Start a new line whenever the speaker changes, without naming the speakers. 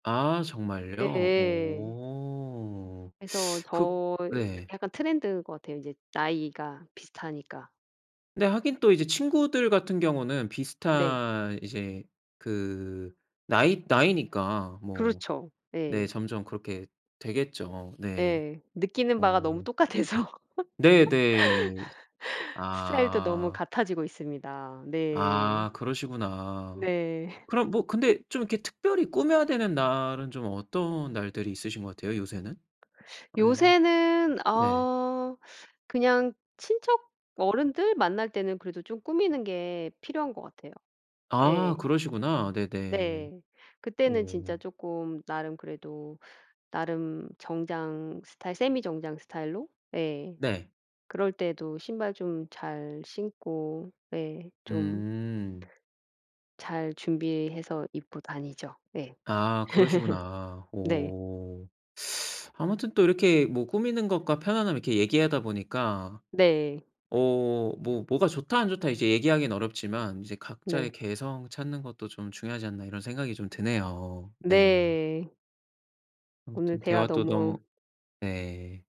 아 정말요?
예.
오
그래서
그
저
네.
약간 trend 인것 같아요. 이제 나이가 비슷하니까.
네. 하긴 또 이제 친구들 같은 경우는
네.
비슷한 이제 그 나이 나이니까 뭐
그렇죠. 예.
네. 점점 그렇게 되겠죠. 네.
예. 느끼는 바가 너무
어.
똑같아서
네 네.
스타일도 너무
아.
같아지고 있습니다.
아
네.
그러시구나.
네.
그럼 뭐 근데 좀 이렇게 특별히 꾸며야 되는 날은 좀 어떤 날들이 있으신 것 같아요 요새는? 만약에.
요새는
네.
어 그냥 친척 어른들 만날 때는 그래도 좀 꾸미는 게 필요한 것 같아요.
아
예.
그러시구나. 네네.
네. 그때는
어.
진짜 쪼끔 나름 그래도 나름 정장 스타일 세미 정장 스타일로? 예.
네.
그럴 때도 신발 좀 잘 신고. 예 좀
음.
잘 준비해서 입고 다니죠. 예.
아 그러시구나.
네.
오. 아무튼 또 이렇게 뭐 꾸미는 것과 편안함 이렇게 얘기하다 보니까
네.
어 뭐 뭐가 "좋다. 안 좋다." 이제 얘기하긴 어렵지만 이제 '각자의
네.
개성 찾는 것도 좀 중요하지 않나.' 이런 생각이 좀 드네요. 네.
네. 오늘
아무튼
대화
대화 또 너무
너무
예.